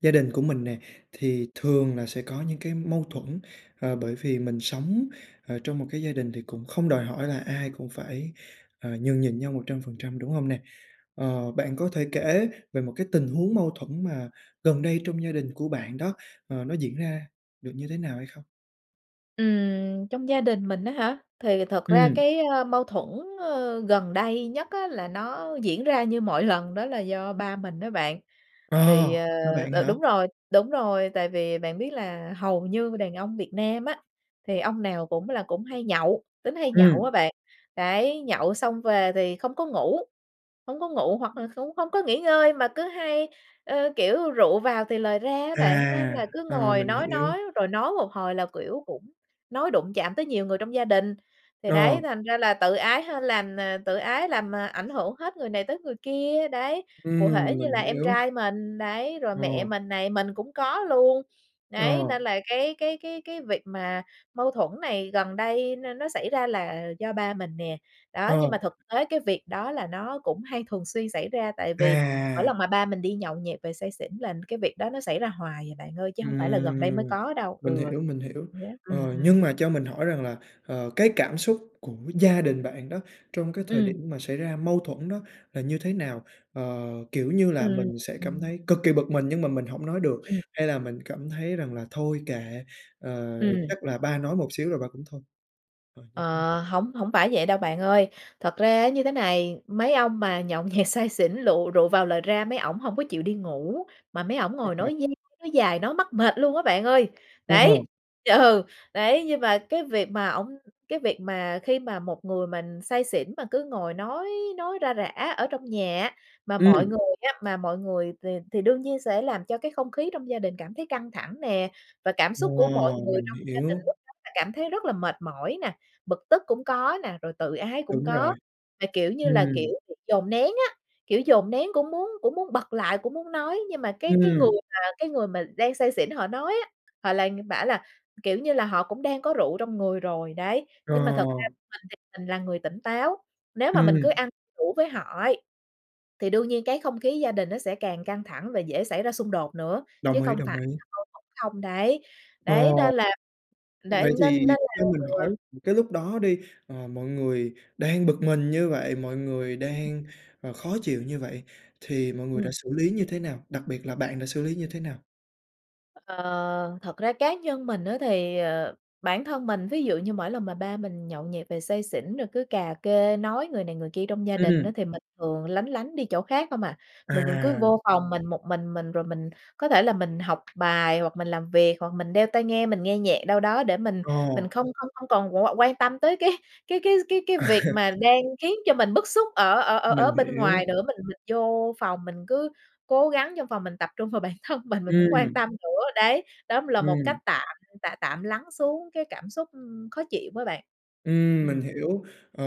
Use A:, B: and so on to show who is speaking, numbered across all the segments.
A: Gia đình của mình nè, thì thường là sẽ có những cái mâu thuẫn, à, bởi vì mình sống, à, trong một cái gia đình thì cũng không đòi hỏi là ai cũng phải, à, nhường nhịn nhau 100%, đúng hông nè? Ờ, bạn có thể kể về một cái tình huống mâu thuẫn mà gần đây trong gia đình của bạn đó, ờ, nó diễn ra được như thế nào hay không?
B: Ừm, trong gia đình mình á hả? Thì thật ra
A: Ừm.
B: cái, a, mâu thuẫn, ơ, gần đây nhất á là nó diễn ra như mọi lần, đó là do ba mình á bạn. Thì
A: Ồ,
B: ờ,
A: ba bạn
B: đ
A: hả?
B: đúng rồi, đúng rồi, tại vì bạn biết là hầu như đàn ông Việt Nam á, thì ông nào cũng là cũng hay nhậu, tính hay nhậu á
A: Ừm.
B: bạn, đấy, nhậu xong về thì không có ngủ, hổng có ngủ, hoặc là cũng hổng có nghỉ ngơi, mà cứ hay, ơ, kiểu, rượu vào thì lời ra á bạn. Nên
A: À!
B: là cứ
A: Ờ,
B: ngồi
A: mình
B: nói
A: hiểu.
B: nói, rồi nói một hồi là, kiểu, cũng nói đụng chạm tới nhiều người trong gia đình. Thì đấy,
A: Ờ.
B: thành ra là tự ái hên làm ờ, tự ái làm, ờ, ảnh hưởng hết người này tới người kia, đấy. Cụ thể
A: Ừm,
B: như
A: mình
B: là em
A: hiểu.
B: trai mình, đấy, rồi mẹ
A: Ồ.
B: mình này, mình cũng có luôn, đấy. Nên
A: Ồ.
B: là cái cái cái cái việc mà mâu thuẫn này gần đây nó nó xảy ra là do ba mình nè, đó. Nhưng mà
A: Ồ.
B: thực tế cái việc đó là nó cũng hay thường xuyên xảy ra. Tại vì mỗi lần
A: À!
B: mà ba mình đi nhậu nhẹt về say xỉn là cái việc đó nó xảy ra hoài à bạn ơi, chứ hông phải là gần đây mới
A: Ừm,
B: có đâu, ừ,
A: mình hiểu, mình hiểu.
B: vậy đó, ừm,
A: Ờ,
B: ừm.
A: nhưng mà cho mình hỏi rằng là, ờ, cái cảm xúc của gia đình bạn đó trong cái thời
B: Ừm.
A: điểm mà xảy ra mâu thuẫn đó là như thế nào? Ờ, kiểu như là,
B: Ừm,
A: mình sẽ cảm
B: ừm.
A: thấy cực kỳ bực mình nhưng mà mình hổng nói được,
B: Ừm.
A: hay là mình cảm thấy rằng là "Thôi kệ, à,
B: Ừm.
A: chắc là ba nói một xíu rồi ba cũng thôi" à, như thế nào?
B: Ờ, hổng hổng phải vậy đâu bạn ơi. Thật ra như thế này, mấy ông mà nhậu nhẹt say xỉn, lựu rượu vào lời ra, mấy ổng hổng có chịu đi ngủ, mà mấy ổng
A: À,
B: ngồi
A: à.
B: nói dai nói dài, nói mắc mệt luôn á bạn ơi.
A: Ồ.
B: Đấy ừ, đấy, nhưng mà cái việc mà ổng cái việc mà khi mà một người mình say xỉn mà cứ ngồi nói nói ra rả ở trong nhà á, mà mọi
A: Ừm.
B: người á mà mọi người th thì đương nhiên sẽ làm cho cái không khí trong gia đình cảm thấy căng thẳng nè và cảm xúc của mọi
A: Ồ,
B: người
A: mình
B: trong gia đình
A: hiểu.
B: lúc đó là cảm thấy rất là mệt mỏi nè, bực tức cũng có nè, rồi tự ái cũng
A: Đúng
B: có.
A: rồi,
B: Là kiểu như là kiểu
A: ừm.
B: bị dồn nén á, kiểu, dồn nén cũng muốn cũng muốn bật lại, cũng muốn nói, nhưng mà cái cái người
A: Ừm.
B: mà cái người mà đang say xỉn họ nói á, họ lại bảo là, kiểu như là, họ cũng đang có rượu trong người rồi, đấy.
A: Ờ.
B: Nhưng mà thực ra mình thì mình là người tỉnh táo, nếu mà mình cứ
A: Ừm.
B: ăn đủ với họ ấy, thì đương nhiên cái không khí gia đình nó sẽ càng căng thẳng và dễ xảy ra xung đột nữa, chứ
A: Đồng ý,
B: không phải
A: đồng ý.
B: là mâu thuẫn không, đấy.
A: Ờ,
B: Đấy, nên là, để
A: vậy
B: nên nên
A: thì
B: là
A: cho mình
B: ừ.
A: hỏi, cái lúc đó đi, ờ, mọi người đang bực mình như vậy, mọi người
B: Ừ.
A: đang, ờ, khó chịu như vậy thì mọi người đã
B: Ừm.
A: xử lý như thế nào? Đặc biệt là bạn đã xử lý như thế nào?
B: Ờ, thật ra cá nhân mình á, thì, ờ, bản thân mình, ví dụ như mỗi lần mà ba mình nhậu nhẹt về say xỉn, rồi cứ cà kê, nói người này, người kia trong gia đình á,
A: Ừm.
B: thì mình thường lánh lánh đi chỗ khác không hà. Mình mình cứ
A: À.
B: vô phòng mình một mình mình, rồi mình có thể là mình học bài hoặc mình làm việc, hoặc mình đeo tai nghe, mình nghe nhạc đâu đó để mình mình
A: Ồ.
B: không không không còn qu quan tâm tới cái cái cái cái cái
A: À.
B: việc mà đang khiến cho mình bức xúc ở ở ở ở
A: Mình
B: bên
A: hiểu.
B: ngoài nữa. Mình mình vô phòng mình cứ cố gắng trong phòng mình tập trung vào bản thân mình, mình hổng quan
A: Ừm.
B: tâm nữa, đấy. Đó cũng là một cách
A: Ừm.
B: tạm tạm tạm lắng xuống cái cảm xúc khó chịu đó bạn.
A: Ừm, mình
B: Ừm.
A: hiểu. Ờ,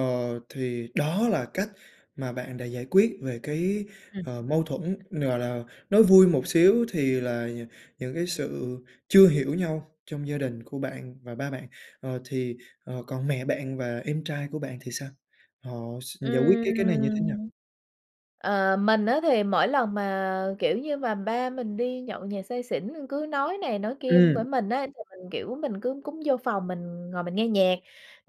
A: thì đó là cách mà bạn đã giải quyết về cái,
B: Ừm.
A: ờ, mâu thuẫn, gọi là, nói vui một xíu thì là nh những cái sự chưa hiểu nhau trong gia đình của bạn và ba bạn. Ờ thì, ờ, còn mẹ bạn và em trai của bạn thì sao? Họ s giải quyết cái cái này như thế nào?
B: Ừm. Ờ, mình á thì mỗi lần mà, ờ, kiểu như mà ba mình đi nhậu nhẹt say xỉn, ờ, cứ nói này nói kia với
A: Ừm.
B: mình á, thì mình, kiểu, mình cứ cúng vô phòng mình ngồi mình nghe nhạc.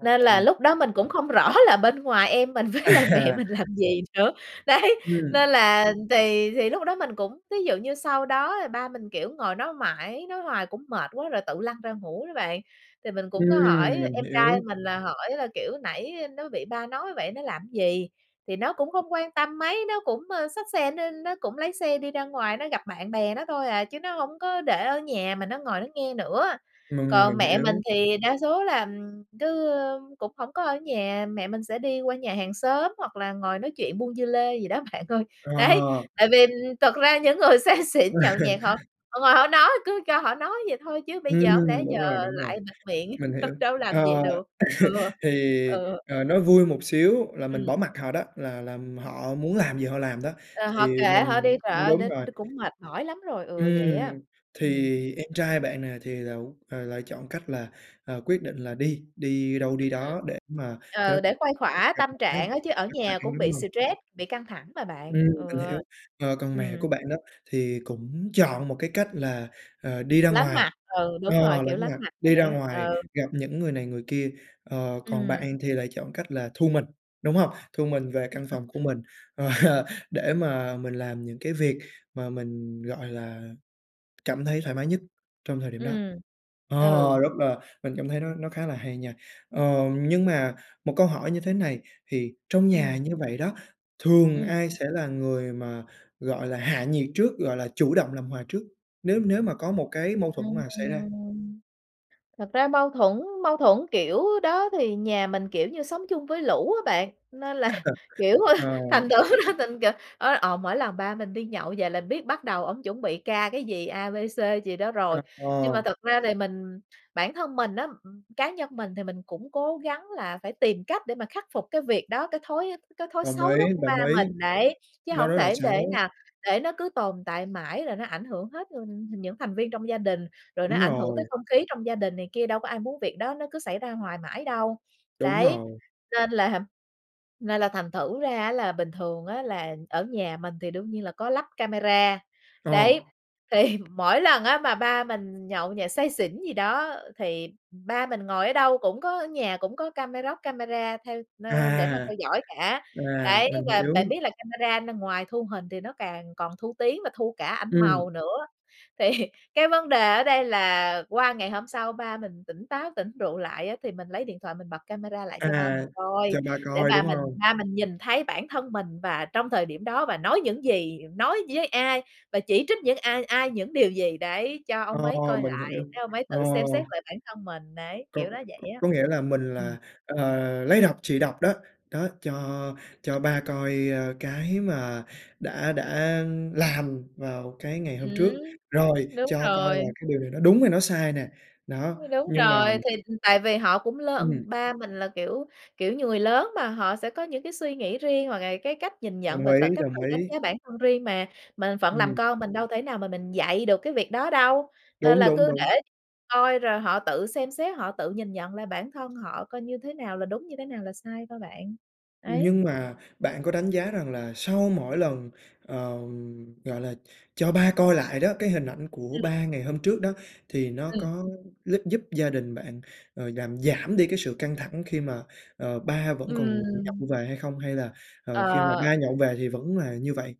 B: Nên là lúc đó mình cũng không rõ là bên ngoài em mình với lại mẹ
A: À.
B: mình làm gì nữa, đấy,
A: Ừm.
B: nên là thì thì lúc đó mình cũng thí dụ như sau đó ba mình, kiểu, ngồi đó mãi, nói hoài cũng mệt quá rồi tự lăn ra ngủ đó bạn. Thì mình cũng có
A: Ừm,
B: hỏi
A: mình
B: em trai
A: hiểu.
B: mình là hỏi là, kiểu, nãy nó bị ba nói vậy nó làm gì, thì nó cũng không quan tâm mấy, nó cũng, ơ, xách xe nó nó cũng lấy xe đi ra ngoài, nó gặp bạn bè nó thôi à, chứ nó hổng có để ở nhà mà nó ngồi nó nghe nữa.
A: Mình
B: Còn
A: mình
B: mẹ mình
A: hiểu.
B: thì đa số là, ừm, cứ cũng hổng có ở nhà, mẹ mình sẽ đi qua nhà hàng xóm hoặc là ngồi nói chuyện buôn dưa lê gì đó, bạn ơi, đấy.
A: Ờ.
B: Tại vì, ừm, thật ra những người say xỉn nhậu nhẹt họ họ ngồi họ nói, cứ cho họ nói vậy thôi chứ bây giờ hổng lẽ
A: Ừm,
B: giờ
A: đúng rồi, đúng rồi.
B: lại bịt miệng,
A: Mình hiểu.
B: đâu làm vậy
A: Ờ,
B: được. Ừ,
A: thì,
B: ừ.
A: ờ, nói vui một xíu là mình
B: Ừm.
A: bỏ mặc họ đó, là là họ muốn làm gì họ làm đó.
B: Ờ, họ
A: Thì
B: kệ họ đi,
A: mình
B: trời
A: ưm,
B: ơi,
A: đúng
B: đến
A: rồi.
B: đ cũng mệt mỏi lắm rồi. Ừ, vậy
A: Ừm,
B: á. Ừm.
A: thì em trai bạn nè thì lậu ờ, lại chọn cách là, ờ, quyết định là đi, đi đâu
B: Ừm,
A: đi
B: ừ.
A: đó để mà cho nó
B: Ờ, để khuây
A: ít
B: khóa
A: gặp
B: tâm
A: mặt nhau.
B: trạng á, chứ ở nhà
A: [unintelligible]
B: cũng bị
A: đúng hông?
B: stress, bị căng thẳng mà bạn.
A: Ừm,
B: Ừ.
A: mình hiểu. Ờ, còn mẹ
B: Ừm.
A: của bạn đó thì cũng chọn một cách là, ờ, đi ra
B: Lánh
A: ngoài
B: mặt, ừ,
A: ờ,
B: đúng rồi, kiểu,
A: lánh
B: lánh
A: mặt,
B: mặt
A: đi
B: vậy
A: ra
B: á.
A: ngoài
B: Ừ.
A: gặp những người này người kia. Ờ, còn
B: Ừm.
A: bạn thì lại chọn cách là thu mình, đúng hông? Thu mình về căn phòng của mình, ờ, để mà mình làm những cái việc mà mình, gọi là, cảm thấy thoải mái nhất trong thời điểm đó.
B: Ừm,
A: Ờ,
B: ừ.
A: rất là mình cảm thấy nó nó khá là hay nha. Ờ, nhưng mà một câu hỏi như thế này thì trong nhà
B: Ừm.
A: như vậy đó, thường
B: Ừm.
A: ai sẽ là người mà, gọi là, hạ nhiệt trước, gọi là, chủ động làm hòa trước, nếu nếu mà có một cái mâu thuẫn mà xảy ra?
B: Ừm. Thật ra mâu thuẫn mâu thuẫn kiểu đó thì nhà mình, kiểu như, sống chung với lũ á bạn. Nên là, kiểu, ờ,
A: Ờ.
B: thành thử ra thành kìa ơ, ờ, mỗi lần ba mình đi nhậu về là biết bắt đầu ổng chuẩn bị ca cái gì, A, B, C gì đó rồi. Nhưng mà
A: Ờ.
B: thật ra thì mình bản thân mình đó, ừm, cá nhân mình thì mình cũng cố gắng là phải tìm cách để mà khắc phục cái việc đó, cái thói cái thói
A: Đồng
B: xấu
A: ý,
B: đó của ba
A: đồng ý.
B: mình, đấy, chứ
A: Nó
B: hổng
A: rất là
B: thể để
A: xấu.
B: nè để nó cứ tồn tại mãi, rồi nó ảnh hưởng hết luôn những thành viên trong gia đình. Rồi nó
A: Đúng
B: ảnh hưởng tới
A: rồi.
B: không khí trong gia đình này kia, đâu có ai muốn việc đó nó cứ xảy ra hoài mãi đâu.
A: Đúng
B: Đấy,
A: rồi.
B: nên làm nên là thành thử ra á, là bình thường á, là ở nhà mình thì đương nhiên là có lắp camera.
A: Ờ.
B: Đấy, thì mỗi lần á, mà ba mình nhậu nhẹt say xỉn gì đó, thì ba mình ngồi ở đâu cũng có ở nhà cũng có cameroc camera theo, ơ, để mà
A: À.
B: theo dõi cả.
A: À,
B: Đấy,
A: mình
B: và bạn
A: hiểu.
B: biết là camera nó ngoài thu hình thì nó càng còn thu tiếng và thu cả ảnh
A: Ừm.
B: màu nữa. Thì cái vấn đề ở đây là qua ngày hôm sau ba mình tỉnh táo, tỉnh rượu lại á, thì mình lấy điện thoại mình bật camera lại cho ba mình
A: À,
B: coi,
A: cho ba
B: để
A: coi,
B: ba
A: đúng
B: mình
A: hông?
B: ba mình nhìn thấy bản thân mình và trong thời điểm đó và nói những gì, nói với ai, và chỉ trích những ai, ai, những điều gì, đấy. Cho ông ấy
A: Ồ,
B: coi
A: mình
B: lại
A: hiểu.
B: để ông ấy tự
A: Ồ.
B: xem xét lại bản thân mình, đấy,
A: Có
B: kiểu nó vậy
A: có
B: đó.
A: có nghĩa là mình
B: Ừm.
A: là, ờ, lấy độc trị độc đó. Đó, cho cho ba coi, ơ, cái mà đã đã làm vào cái ngày hôm trước,
B: Ừm.
A: rồi
B: Đúng
A: cho coi là
B: rồi.
A: cái điều này nó đúng hay nó sai nè. Đó,
B: Đúng
A: nhưng mà
B: rồi. Thì, ừ, tại vì họ cũng lớn
A: Ừm.
B: ba mình là, kiểu kiểu như, người lớn mà, họ sẽ có những cái suy nghĩ riêng, hoặc là cái cách nhìn nhận
A: Đồng
B: và
A: ý,
B: tự cách tự
A: đồng
B: đánh
A: ý.
B: giá bản thân riêng mà. Mình phận làm
A: Ừm.
B: con mình đâu thể nào mà mình dạy được cái việc đó đâu. Nên
A: Đúng,
B: là
A: đúng,
B: cứ
A: đúng.
B: để coi rồi họ tự xem xét, họ tự nhìn nhận lại bản thân họ coi như thế nào là đúng, như thế nào là sai thôi bạn. Đấy.
A: Nhưng mà bạn có đánh giá rằng là sau mỗi lần, ờ, gọi là, cho ba coi lại đó, cái hình ảnh của
B: Ừm.
A: ba ngày hôm trước đó, thì nó
B: Ừm.
A: có lúp giúp gia đình bạn, ờ, làm giảm đi cái sự căng thẳng khi mà, ờ, ba vẫn còn
B: Ừm.
A: nhậu về hay không? Hay là, ờ, khi mà
B: Ờ.
A: ba nhậu về thì vẫn là như vậy,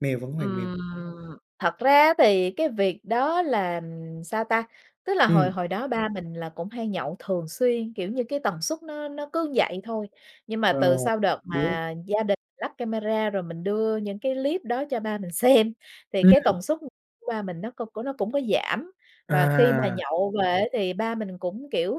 A: mèo vẫn hoàn mèo?
B: Ừm, thật ra á, thì cái việc đó là sao ta? Tức là hồi
A: Ừm.
B: hồi đó ba mình là cũng hay nhậu thường xuyên, kiểu như cái tần suất nó nó cứ vậy thôi. Nhưng mà
A: Ờ,
B: từ sau đợt
A: biết.
B: mà gia đình lắp camera, rồi mình đưa những cái clip đó cho ba mình xem, thì cái
A: Ừm.
B: tần suất của ba mình nó cung nó cũng có giảm. Và khi mà
A: À.
B: nhậu về á thì ba mình cũng, kiểu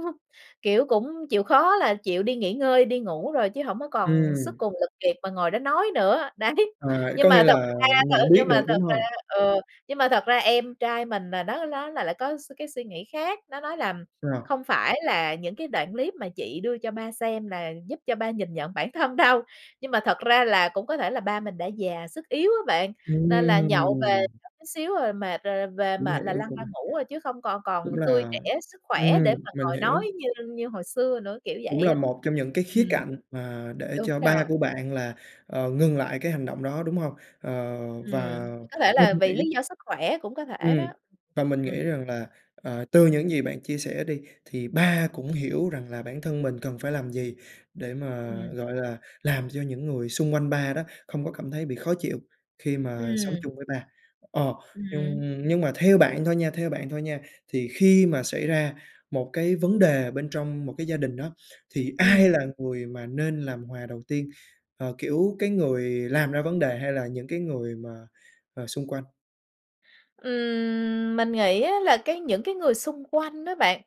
B: kiểu, cũng chịu khó là chịu đi nghỉ ngơi, đi ngủ rồi, chứ hổng có còn sức
A: Ừm.
B: cùng lực kiệt mà ngồi đó nói nữa, đấy.
A: Ờ,
B: Nhưng
A: có
B: mà
A: nghĩa
B: thật
A: là
B: ra ờ,
A: nhận biết
B: nhưng mà
A: được,
B: thật
A: đúng
B: ra
A: hông?
B: ờ, nhưng mà thật ra em trai mình là nó nó lại lại có s cái suy nghĩ khác. Nó nói là
A: Rồi.
B: "Không phải là những cái đoạn clip mà chị đưa cho ba xem là giúp cho ba nhìn nhận bản thân đâu." Nhưng mà thật ra là cũng có thể là ba mình đã già, sức yếu á bạn, nên là nhậu về
A: Ừm.
B: có chút xíu rồi mệt, rồi về
A: Cũng
B: mệt là
A: hiểu,
B: lăn
A: cũng
B: ra ngủ à, chứ không còn còn
A: cũng
B: tươi
A: là
B: trẻ sức
A: ừm,
B: khỏe để mà
A: mình
B: ngồi nói
A: hiểu.
B: như như hồi xưa nữa, kiểu
A: Cũng
B: vậy
A: là
B: á.
A: một trong những cái khía
B: Ừm.
A: cạnh mà để
B: Đúng
A: cho ba
B: rồi.
A: của bạn là, ờ, ngừng lại cái hành động đó, đúng hông? Ờ, và
B: Ừm, thì có thể là vì lí
A: [unintelligible]
B: do sức khỏe, cũng có thể
A: Ừm,
B: đó.
A: và mình
B: Ừm.
A: nghĩ rằng là, ờ, từ những gì bạn chia sẻ đi, thì ba cũng hiểu rằng là bản thân mình cần phải làm gì, để mà,
B: Ừm.
A: gọi là, làm cho những người xung quanh ba đó không có cảm thấy bị khó chịu khi mà sống
B: Ừm.
A: chung với ba. Ờ, nhưng
B: Ừm.
A: nhưng mà theo bạn thôi nha theo bạn thôi nha thì khi mà xảy ra một cái vấn đề bên trong một cái gia đình đó, thì
B: Ừm.
A: ai là người mà nên làm hòa đầu tiên, ờ, kiểu, cái người làm ra vấn đề hay là những người mà mà xung quanh?
B: Ừm, mình nghĩ á là cái những cái người xung quanh đó bạn,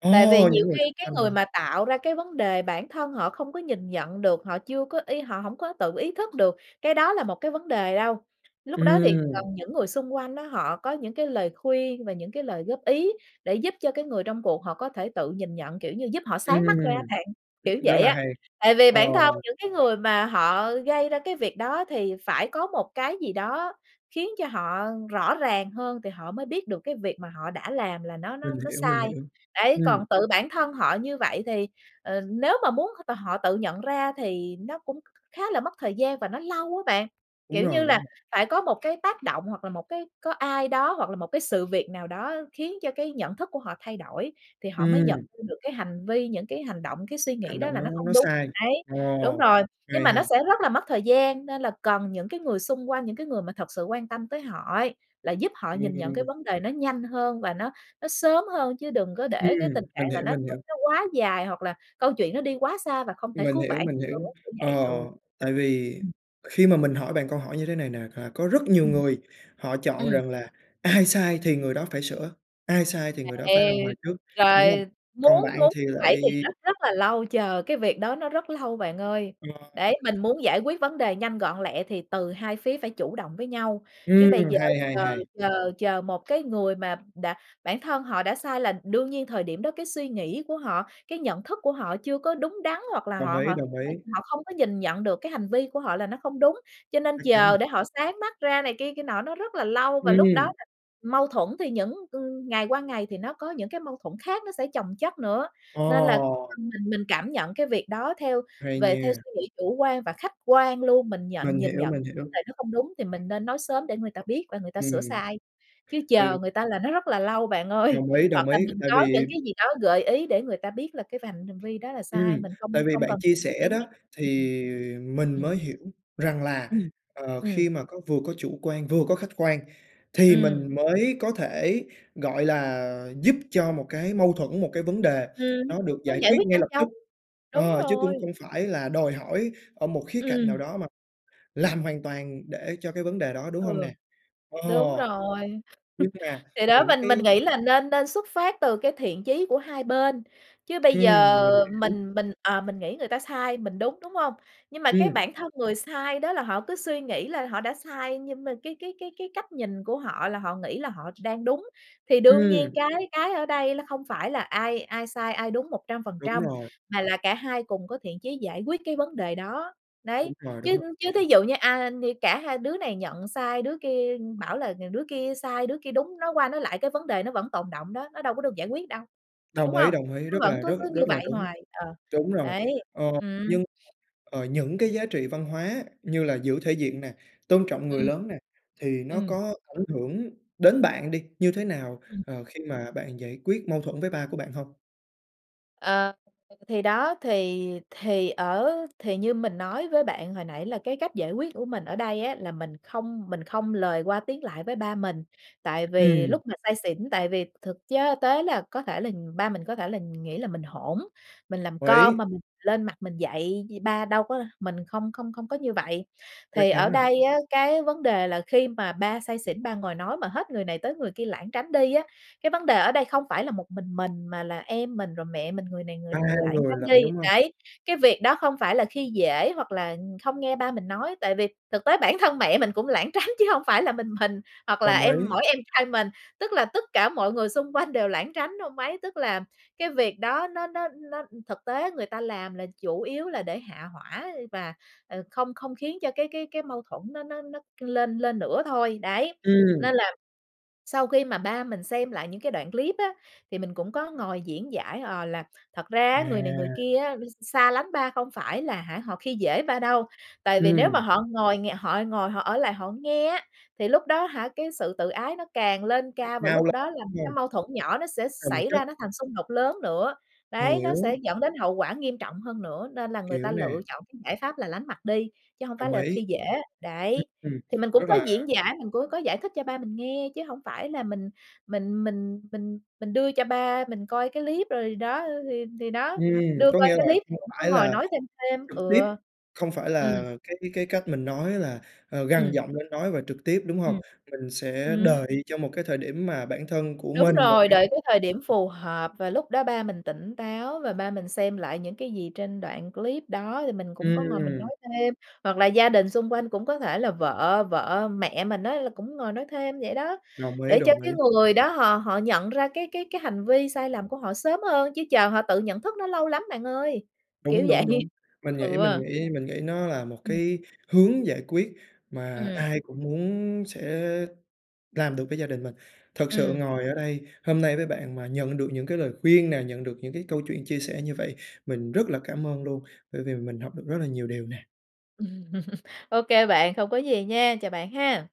A: À,
B: tại vì nhiều
A: những người
B: khi
A: xung
B: cái
A: quanh
B: người
A: hả?
B: mà tạo ra cái vấn đề bản thân họ không có nhìn nhận được, họ chưa có y họ hổng có tự ý thức được cái đó là một cái vấn đề đâu. Lúc đó thì cần
A: Ừm.
B: những người xung quanh đó họ có những cái lời khuyên và những cái lời góp ý để giúp cho cái người trong cuộc họ có thể tự nhìn nhận, kiểu như, giúp họ sáng mắt ra á
A: Ừm.
B: bạn, kiểu
A: rất
B: vậy
A: là
B: á.
A: hay.
B: Tại vì
A: Ờ.
B: bản thân những cái người mà họ gây ra cái việc đó thì phải có một cái gì đó khiến cho họ rõ ràng hơn, thì họ mới biết được cái việc mà họ đã làm là nó nó
A: Mình
B: nó
A: hiểu, mình
B: sai.
A: hiểu.
B: Đấy, còn
A: Ừm.
B: tự bản thân họ như vậy thì, ờ, nếu mà muốn t họ tự nhận ra thì nó cũng khá là mất thời gian và nó lâu á bạn,
A: Đúng
B: kiểu như
A: rồi, đúng
B: là,
A: rồi.
B: phải có một cái tác động, hoặc là một cái có ai đó, hoặc là một cái sự việc nào đó khiến cho cái nhận thức của họ thay đổi, thì họ mới nhận
A: Ừm.
B: ra được cái hành vi, những cái hành động, cái suy nghĩ
A: Hành
B: đó
A: động
B: là nó
A: đó
B: không
A: nó
B: đúng.
A: sai?
B: Đấy,
A: Ồ.
B: đúng rồi.
A: OK
B: Nhưng mà
A: ha.
B: nó sẽ rất là mất thời gian, nên là cần những cái người xung quanh, những cái người mà thật sự quan tâm tới họ ấy, là giúp họ nhìn nhận cái
A: Ừm.
B: vấn đề nó nhanh hơn và nó nó sớm hơn, chứ đừng có để cái tình
A: Ừm,
B: trạng
A: mình
B: là
A: hiểu,
B: nó
A: mình
B: nó
A: hiểu.
B: nó quá dài, hoặc là câu chuyện nó đi quá xa và không thể
A: Mình
B: cứu
A: hiểu,
B: vãn
A: mình
B: nữa,
A: hiểu.
B: kiểu
A: Ờ,
B: vậy, ừ.
A: tại vì
B: Ừm.
A: khi mà mình hỏi bạn câu hỏi như thế này nè, là có rất nhiều
B: Ừm.
A: người họ chọn
B: Ừm.
A: rằng là ai sai thì người đó phải sửa, ai sai thì
B: Ầy,
A: người đó phải làm hòa
B: ây.
A: trước, đúng hông?
B: Rồi
A: Còn
B: muốn
A: bạn
B: muốn
A: thì
B: vậy
A: lại
B: thì rất rất là lâu chờ cái việc đó nó rất lâu bạn ơi.
A: Ờ.
B: Đấy, mình muốn giải quyết vấn đề nhanh gọn lẹ thì từ hai phía phải chủ động với nhau, chứ bây
A: Ừm,
B: giờ
A: hay, hay,
B: chờ
A: hay.
B: chờ chờ một cái người mà đã bản thân họ đã sai là đương nhiên thời điểm đó, cái suy nghĩ của họ, cái nhận thức của họ chưa có đúng đắn, hoặc là
A: Đồng
B: họ
A: ý,
B: họ
A: đồng
B: h
A: ý.
B: họ không có nhìn nhận được cái hành vi của họ là nó không đúng. Cho nên
A: Chắc chắn
B: chờ
A: rồi.
B: để họ sáng mắt ra này kia kia nọ nó rất là lâu và lúc đó
A: Ừm.
B: là mâu thuẫn thì những ưm, ngày qua ngày thì nó có những cái mâu thuẫn khác nó sẽ chồng chất nữa. Nên là, ơ,
A: Ồ.
B: mình mình cảm nhận cái việc đó theo
A: Hay
B: về theo
A: nha.
B: suy nghĩ chủ quan và khách quan luôn, mình nhận
A: Mình
B: nhìn
A: hiểu,
B: nhận
A: mình
B: cái vấn
A: hiểu.
B: đề đó không đúng thì mình nên nói sớm để người ta biết và người ta sửa
A: Ừm.
B: sai. Chứ
A: Từ
B: chờ người ta là nó rất là lâu bạn ơi,
A: Đồng ý,
B: hoặc
A: đồng
B: là
A: ý,
B: mình
A: tại
B: có những
A: vì
B: cái gì đó gợi ý để người ta biết là cái vành hành vi đó là sai,
A: Ừm,
B: mình
A: tại
B: không
A: vì
B: không
A: bạn
B: cần
A: chia
B: [unintelligible]
A: sẻ
B: để
A: đó
B: nhắc, ừm,
A: thì
B: ừm.
A: mình
B: Ừm.
A: mới hiểu rằng là,
B: Ừm.
A: ờ,
B: Ừm.
A: khi mà có vừa có chủ quan vừa có khách quan, thì
B: Ừm.
A: mình mới có thể, gọi là, giúp cho một cái mâu thuẫn, một cái vấn đề
B: Ừm.
A: nó được
B: Mới
A: giải
B: giải
A: quyết
B: quyết
A: ngay
B: nhanh
A: lập
B: chóng.
A: tức.
B: Đúng
A: Ờ, chứ
B: rồi.
A: cũng không phải là đòi hỏi ở một khía cạnh
B: Ừm.
A: nào đó mà làm hoàn toàn để cho cái vấn đề đó, đúng hông
B: Ừ.
A: nè? Ờ.
B: Đúng rồi.
A: Nhưng mà
B: Thì đó
A: những
B: mình mình
A: cái
B: nghĩ là nên nên xuất phát từ cái thiện chí của hai bên, chứ bây giờ
A: Ừm, mình hiểu.
B: mình mình, à, mình nghĩ người ta sai, mình đúng, đúng hông? Nhưng mà cái
A: Ừm.
B: bản thân người sai đó là họ cứ suy nghĩ là họ đã sai, nhưng mà cái cái cái cái cách nhìn của họ là họ nghĩ là họ đang đúng. Thì đương nhiên
A: Ừm.
B: cái cái ở đây không phải là ai ai sai, ai đúng một trăm phần
A: Đúng
B: trăm
A: rồi.
B: mà là cả hai cùng có thiện chí giải quyết cái vấn đề đó.
A: Đúng
B: Đấy.
A: rồi, đúng
B: Chứ
A: rồi.
B: chứ thí dụ như, a, như cả hai đứa này nhận sai, đứa kia bảo là nhường đứa kia sai, đứa kia đúng, nói qua nói lại cái vấn đề nó vẫn tồn đọng đó, nó đâu có được giải quyết đâu, đúng
A: Đồng ý,
B: hông?
A: đồng ý,
B: Nó
A: rất
B: vẫn
A: là
B: cứ
A: rất
B: cứ như
A: rất là
B: vậy
A: đúng.
B: hoài. Ờ.
A: Đúng rồi.
B: Đấy.
A: Ờ.
B: Ừm.
A: Nhưng, ờ, những cái giá trị văn hóa như là giữ thể diện nè, tôn trọng người
B: Ừm.
A: lớn nè, thì nó
B: Ừm.
A: có ảnh hưởng đến bạn đi như thế nào,
B: Ừm.
A: ờ, khi mà bạn giải quyết mâu thuẫn với ba của bạn hông?
B: Ờ. Thì đó, thì thì ở thì như mình nói với bạn hồi nãy là cái cách giải quyết của mình ở đây á, là mình không mình không lời qua tiếng lại với ba mình, tại vì
A: Ừm.
B: lúc mà say xỉn, tại vì thực chớ tế là có thể là ba mình có thể nghĩ là mình hỗn, mình làm
A: Hội
B: con
A: ý.
B: mà mình lên mặt mình dạy ba, đâu có đâu, mình không không không có như vậy.
A: Chắc
B: Thì ở
A: chắn rồi!
B: đây á, cái vấn đề là khi mà ba say xỉn ba ngồi nói mà hết người này tới người kia lảng tránh đi á, cái vấn đề ở đây không phải là một mình mình, mà là em mình, rồi mẹ mình người này người
A: 3
B: nữa lảng
A: người
B: tránh
A: lận,
B: đi,
A: đúng hông?
B: đấy. Cái việc đó không phải là khi dể, hoặc là không nghe ba mình nói, tại vì thực tế bản thân mẹ mình cũng lảng tránh chứ hông phải là mình mình, hoặc là
A: Đồng
B: em
A: ý.
B: mỗi em trai mình, tức là tất cả mọi người xung quanh đều lảng tránh ông ấy. Tức là cái việc đó nó nó nó thực tế người ta làm là chủ yếu là để hạ hỏa và, ờ, không không khiến cho cái cái cái mâu thuẫn nó nó nó lên lên nữa thôi. Đấy,
A: Ừm.
B: nên là sau khi mà ba mình xem lại những cái đoạn clip á, thì mình cũng có ngồi diễn giải, ờ, là thật ra á, người này người
A: À.
B: kia á x xa lánh ba không phải là hả họ khi dễ ba đâu, tại vì nếu mà
A: Ừm.
B: họ ngồi ng họ ngồi họ ở lại họ nghe á, thì lúc đó á hả cái sự tự ái nó càng lên
A: Chắc
B: cao và lúc
A: cao lắm
B: đó là
A: [unintelligible]
B: cái
A: hông?
B: mâu thuẫn nhỏ nó sẽ
A: Chồng
B: xảy ra
A: chất.
B: nó thành xung đột lớn nữa. Đấy, nó sẽ
A: Hiểu.
B: dẫn đến hậu quả nghiêm trọng hơn nữa, nên là người
A: Hiểu
B: ta
A: nè.
B: lựa chọn cái giải pháp là lánh mặt đi, chứ hổng phải
A: Đồng
B: là
A: ý.
B: khi dể. Đấy.
A: Ưm, ừm.
B: Thì mình cũng
A: Rất
B: có
A: là
B: diễn giải, mình cũng có giải thích cho ba mình nghe, chứ hổng phải là mình mình mình mình mình đưa cho ba mình coi cái clip rồi đó, thì thì đó,
A: Ừm,
B: đưa
A: có
B: coi
A: nghĩa
B: cái
A: là
B: clip mình
A: không
B: cũng có
A: phải
B: ngồi
A: là
B: nói thêm thêm.
A: trực tiếp,
B: Ừ.
A: không phải
B: Ừm.
A: là cái cái cách mình nói là gằn
B: Ừm.
A: giọng lên nói và trực tiếp, đúng hông?
B: Ừm.
A: Mình sẽ
B: Ừm.
A: đợi cho một cái thời điểm mà bản thân của
B: Đúng
A: mình và
B: rồi,
A: cái
B: đợi cái thời điểm
A: [unintelligible]
B: phù hợp và lúc đó ba mình tỉnh táo và ba mình xem lại những cái gì trên đoạn clip đó, thì mình cũng có ngồi mình nói
A: Ừm.
B: thêm. Hoặc là gia đình xung quanh cũng có thể là vợ vợ, mẹ mình á là cũng ngồi nói thêm vậy đó,
A: Đồng ý,
B: để cho
A: đồng
B: cái
A: ý.
B: người đó họ họ nhận ra cái cái cái hành vi sai lầm của họ sớm hơn, chứ chờ họ tự nhận thức nó lâu lắm bạn ơi.
A: Đúng,
B: Kiểu vậy
A: đúng, đúng. Mình nghĩ mình
B: Ừ.
A: nghĩ mình nghĩ nó là một
B: Ừm.
A: cái hướng giải quyết mà
B: Ừm.
A: ai cũng muốn sẽ làm được với gia đình mình. Thật sự
B: Ừm.
A: ngồi ở đây, hôm nay với bạn mà nhận được những lời khuyên nè, nhận được những câu chuyện chia sẻ như vậy, mình rất là cảm ơn luôn, bởi vì mình học được rất là nhiều điều nè.
B: Ô kê bạn, không có gì nha, chào bạn ha!